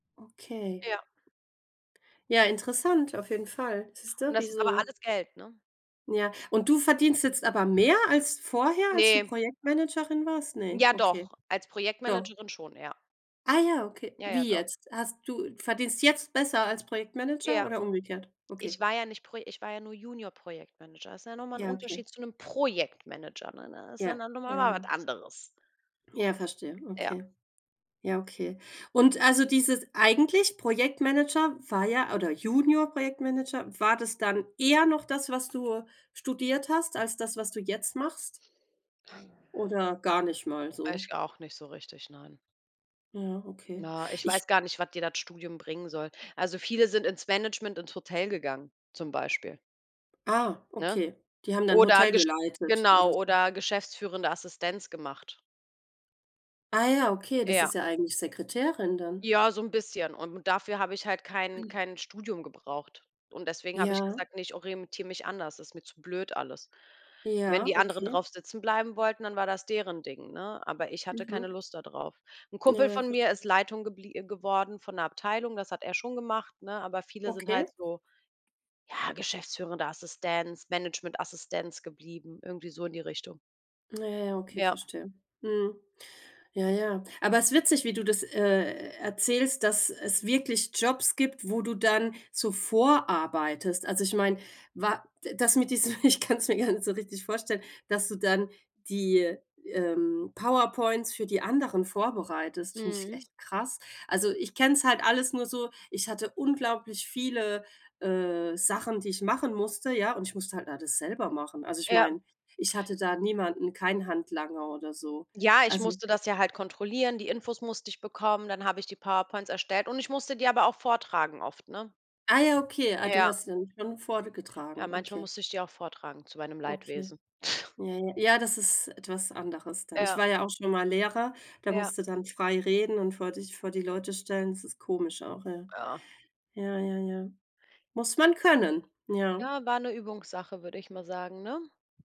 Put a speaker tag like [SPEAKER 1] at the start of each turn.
[SPEAKER 1] Okay.
[SPEAKER 2] Ja.
[SPEAKER 1] Ja, interessant, auf jeden Fall.
[SPEAKER 2] Und
[SPEAKER 1] Siehste, wie
[SPEAKER 2] das ist aber
[SPEAKER 1] so
[SPEAKER 2] alles Geld, ne?
[SPEAKER 1] Ja, und du verdienst jetzt aber mehr als vorher, als du
[SPEAKER 2] Ne.
[SPEAKER 1] Projektmanagerin warst? Ne,
[SPEAKER 2] Ja
[SPEAKER 1] okay.
[SPEAKER 2] doch, als
[SPEAKER 1] Doch.
[SPEAKER 2] Projektmanagerin schon, ja.
[SPEAKER 1] Ah, ja, okay.
[SPEAKER 2] Ja, ja,
[SPEAKER 1] Wie
[SPEAKER 2] doch.
[SPEAKER 1] jetzt? Hast du verdienst jetzt besser als Projektmanager
[SPEAKER 2] Ja.
[SPEAKER 1] oder umgekehrt?
[SPEAKER 2] Ich
[SPEAKER 1] Okay.
[SPEAKER 2] war ja nicht Pro ich war ja nur Junior-Projektmanager. Ist ja noch mal
[SPEAKER 1] Ja, okay.
[SPEAKER 2] Unterschied zu 'nem Projektmanager, ne, ne? Ist ja
[SPEAKER 1] Ja,
[SPEAKER 2] noch
[SPEAKER 1] ja,
[SPEAKER 2] mal
[SPEAKER 1] ja.
[SPEAKER 2] was anderes.
[SPEAKER 1] Ja, verstehe,
[SPEAKER 2] Ja.
[SPEAKER 1] okay. Ja, okay. Und also, dieses eigentlich Projektmanager war ja oder Junior-Projektmanager, war das dann eher noch das, was du studiert hast als das, was du jetzt machst? Oder gar nicht mal so?
[SPEAKER 2] Ich auch nicht so richtig, nein.
[SPEAKER 1] Ja, okay.
[SPEAKER 2] Na, ich
[SPEAKER 1] Ich
[SPEAKER 2] weiß gar nicht, was dir das Studium bringen soll. Also, viele sind ins Management, ins Hotel gegangen zum Beispiel.
[SPEAKER 1] Ah,
[SPEAKER 2] Ne?
[SPEAKER 1] okay. Die haben da 'n
[SPEAKER 2] Oder
[SPEAKER 1] Hotel
[SPEAKER 2] gesch
[SPEAKER 1] geleitet oder
[SPEAKER 2] genau
[SPEAKER 1] so?
[SPEAKER 2] oder geschäftsführende Assistenz gemacht.
[SPEAKER 1] Ah, ja, okay, das
[SPEAKER 2] Ja.
[SPEAKER 1] ist ja eigentlich Sekretärin dann.
[SPEAKER 2] Ja so 'n bisschen und dafür habe ich halt kein kein Studium gebraucht. Und deswegen habe ich
[SPEAKER 1] Ja.
[SPEAKER 2] gesagt, ne, ich orientiere mich anders, ist mir zu blöd alles. Wenn
[SPEAKER 1] Ja,
[SPEAKER 2] die anderen
[SPEAKER 1] okay.
[SPEAKER 2] drauf sitzen bleiben wollten, dann war das deren Ding, ne? Aber ich hatte keine
[SPEAKER 1] Mhm.
[SPEAKER 2] Lust da drauf. 'N
[SPEAKER 1] Ja
[SPEAKER 2] Kumpel
[SPEAKER 1] ja,
[SPEAKER 2] von mir ist
[SPEAKER 1] verstehe.
[SPEAKER 2] Leitung geblie äh, geworden von 'ner Abteilung, das hat er schon gemacht, ne? Aber viele sind halt
[SPEAKER 1] Okay.
[SPEAKER 2] so, ja, geschäftsführender Assistenz, Managementassistenz geblieben, irgendwie so in die Richtung.
[SPEAKER 1] Na ja, okay,
[SPEAKER 2] Ja.
[SPEAKER 1] verstehe. Mhm. Ja, ja. Aber es ist witzig, wie du das, äh, erzählst, dass es wirklich Jobs gibt, wo du dann zuvorarbeitest. Also, ich meine, wa das mit diesem ich kann's mir gar nicht so richtig vorstellen, dass du dann die, ähm, PowerPoints für die anderen vorbereitest, finde ich
[SPEAKER 2] Mhm.
[SPEAKER 1] echt krass. Also ich kenne es halt alles nur so, ich hatte unglaublich viele, äh, Sachen, die ich machen musste, ja, und ich musste halt da das selber machen. Also, ich
[SPEAKER 2] Ja.
[SPEAKER 1] meine, ich hatte da niemanden, kein Handlanger oder so.
[SPEAKER 2] Ja, ich
[SPEAKER 1] Also
[SPEAKER 2] musste das ja halt kontrollieren. Die Infos musste ich bekommen, dann habe ich die PowerPoints erstellt und ich musste die aber auch vortragen oft, ne?
[SPEAKER 1] Ah, ja, okay, ah, du
[SPEAKER 2] Ja.
[SPEAKER 1] hast ihn dann schon
[SPEAKER 2] Ja,
[SPEAKER 1] vorgetragen,
[SPEAKER 2] manchmal
[SPEAKER 1] okay.
[SPEAKER 2] musste ich die auch vortragen zu meinem
[SPEAKER 1] Okay.
[SPEAKER 2] Leidwesen.
[SPEAKER 1] Ja, ja. Ja, ist etwas anderes dann. Ich
[SPEAKER 2] Ja.
[SPEAKER 1] war ja auch schon mal Lehrer, da
[SPEAKER 2] Ja.
[SPEAKER 1] musst du dann frei reden und vor dich vor die Leute stellen. Das ist komisch auch, ja.
[SPEAKER 2] Ja.
[SPEAKER 1] Ja, ja, ja. Muss man können, ja.
[SPEAKER 2] Ja war 'ne Übungssache, würde ich mal sagen, ne?